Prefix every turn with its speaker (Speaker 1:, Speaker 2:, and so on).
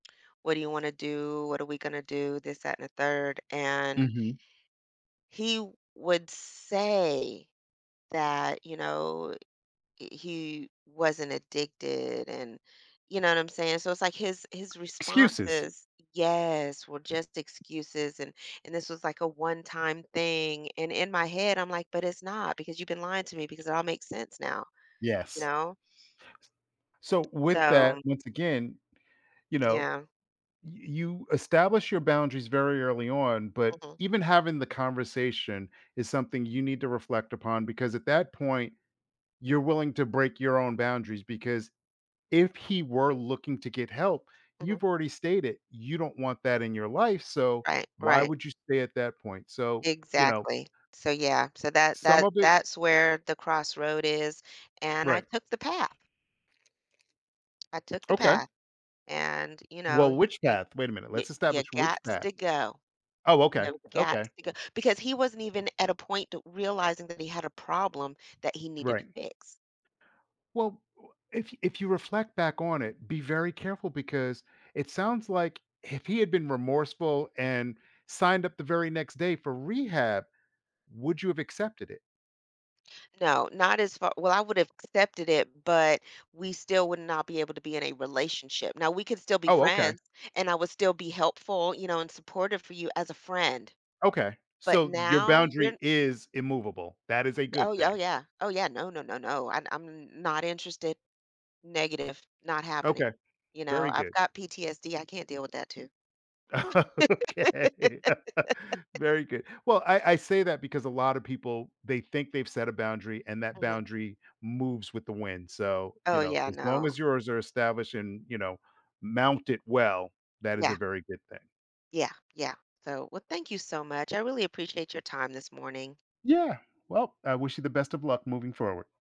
Speaker 1: What do you wanna do? What are we gonna do? This, that, and the 3rd, and
Speaker 2: Mhm.
Speaker 1: he would say that, you know, he wasn't addicted and you know what I'm saying? So it's, like, his his response
Speaker 2: Excuses.
Speaker 1: is yes, were just excuses, and and this was, like, a 1 time thing, and in my head, I'm like, "But it's not because you've been lying to me because it all makes sense now," you
Speaker 2: Yes. S
Speaker 1: know?
Speaker 2: so with that,
Speaker 1: So
Speaker 2: once again, you know,
Speaker 1: Yeah.
Speaker 2: y you establish your boundaries very early on, but
Speaker 1: Mhm.
Speaker 2: even having the conversation is something you need to reflect upon because at that point, you're willing to break your own boundaries because if he were looking to get help,
Speaker 1: Mhm.
Speaker 2: you've already stated, you don't want that in your life, so
Speaker 1: Right,
Speaker 2: why
Speaker 1: right.
Speaker 2: would you stay at that point? So, you know
Speaker 1: Exactly. So yeah, so that
Speaker 2: some
Speaker 1: that
Speaker 2: of it
Speaker 1: that's where the crossroad is, and I
Speaker 2: Right.
Speaker 1: took the path. I took the
Speaker 2: Okay.
Speaker 1: path and, you
Speaker 2: Well,
Speaker 1: know,
Speaker 2: which
Speaker 1: y
Speaker 2: path? Wait a minute,
Speaker 1: you
Speaker 2: let's
Speaker 1: you
Speaker 2: establish which
Speaker 1: gots
Speaker 2: path.
Speaker 1: to go.
Speaker 2: Oh, okay,
Speaker 1: You gots
Speaker 2: okay.
Speaker 1: to go, because he wasn't even at a point t realizing that he had a problem that he needed to
Speaker 2: Right.
Speaker 1: fix.
Speaker 2: Well, w if if you reflect back on it, be very careful because it sounds like if he had been remorseful and signed up the very next day for rehab, would you have accepted it?
Speaker 1: No, not as far well, I would've accepted it, but we still would not be able to be in a relationship. Now we could still be
Speaker 2: Oh, okay.
Speaker 1: friends, and I would still be helpful, you know, and supportive for you as a friend.
Speaker 2: Okay.
Speaker 1: But
Speaker 2: So your
Speaker 1: now you're
Speaker 2: boundary is immovable. That is a
Speaker 1: Oh,
Speaker 2: good
Speaker 1: oh,
Speaker 2: thing.
Speaker 1: yeah. Oh, yeah, no, no, no, no. I I'm n not interested, negative, not happening,
Speaker 2: Okay,
Speaker 1: you know?
Speaker 2: very
Speaker 1: I've
Speaker 2: good.
Speaker 1: got PTSD, I can't deal with that too.
Speaker 2: Okay, very good. Well, I I say that because a lotta people, they think they've set a boundary and that
Speaker 1: Mhm.
Speaker 2: boundary moves with the wind. So, you
Speaker 1: Oh,
Speaker 2: know,
Speaker 1: yeah,
Speaker 2: as long
Speaker 1: no.
Speaker 2: as yours are established and, you know, mounted well, that is
Speaker 1: Yeah.
Speaker 2: a very good thing.
Speaker 1: Yeah, yeah. So, well, thank you so much, I really appreciate your time this morning.
Speaker 2: Yeah. Well, I wish you the best of luck moving forward.